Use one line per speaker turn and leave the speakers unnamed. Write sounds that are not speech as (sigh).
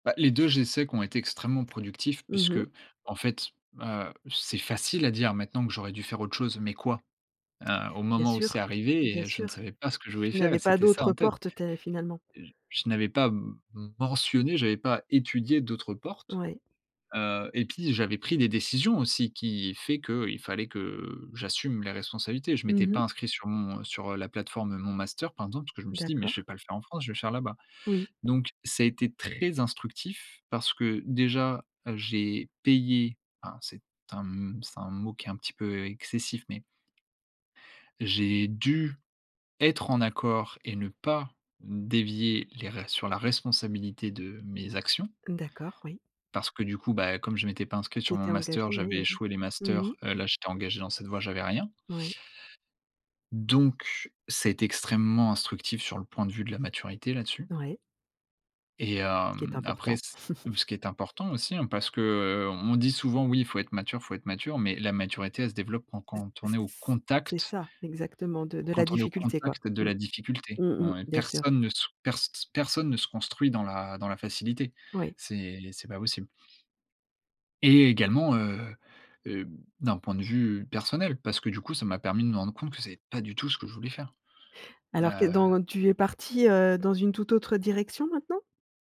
Bah les 2 j'essaie qu'ont été extrêmement productifs
Mmh mh.
puisqu'en fait, ben, heu, c'est facile à dire maintenant que j'aurais dû faire autre chose, mais quoi ?Heu, au
Bien
moment où c'est
sûr,
arrivé,
bien
heu, je ne
sûr.
savais pas ce que je voulais
Tu
faire et
n'avais pas
c'était ça
d'autres
en tête.
portes (unintelligible) finalement.
J je n'avais pas m mentionné, j'avais pas étudié d'autres portes.
Oui.
Heu et pis j'avais pris des décisions aussi qui fait qu'il fallait que j'assume les responsabilités. Je m'étais
Mmh
pas
mh.
inscrit sur mon sur, heu, la plateforme Mon Master par exemple, parce que je me suis dit: «Mais je
D'accord.
vais pas le faire en France, je vais le faire là-bas».
Oui.
Donc ça a été très instructif, parce que, déjà, heu, j'ai payé, hein, c'est un m c'est un mot qui est un petit peu excessif, mais. J'ai dû être en accord et ne pas dévier les res sur la responsabilité de mes actions.
D'accord, oui.
Parce que du coup, bah, comme je m'étais pas inscrit
Tu
sur Mon
t'étais
Master,
engagé oui
j'avais
et mmh.
échoué les
Mmh mh.
masters. Heu, là j'étais engagé dans cette voie, j'avais rien.
Oui.
Donc, ça a été extrêmement instructif sur le point de vue de la maturité là-dessus.
Ouais.
Et
Qui est
hem, après
important.
c hem,
(laughs)
ce qui est important aussi, hein parce que, heu, on dit souvent: «Oui il faut être mature, faut être mature», mais la maturité elle se développe quand
C
quand on
c
est au
c'est
contact
ça! Exactement, de de la
quand on est au
difficulté quoi.
contact de
Mmh.
la difficulté.
Mmh mh
Ouais,
bien sûr.
personne ne sou pers s personne ne se construit dans la dans la facilité.
Oui.
C'est c'est pas possible. Et également, heu heu, b d'un point de vue personnel, parce que du coup, ça m'a permis de me rendre compte que c'est pas du tout ce que je voulais faire.
Alors que
Heu
dans tu es parti, heu, dans une toute autre direction maintenant?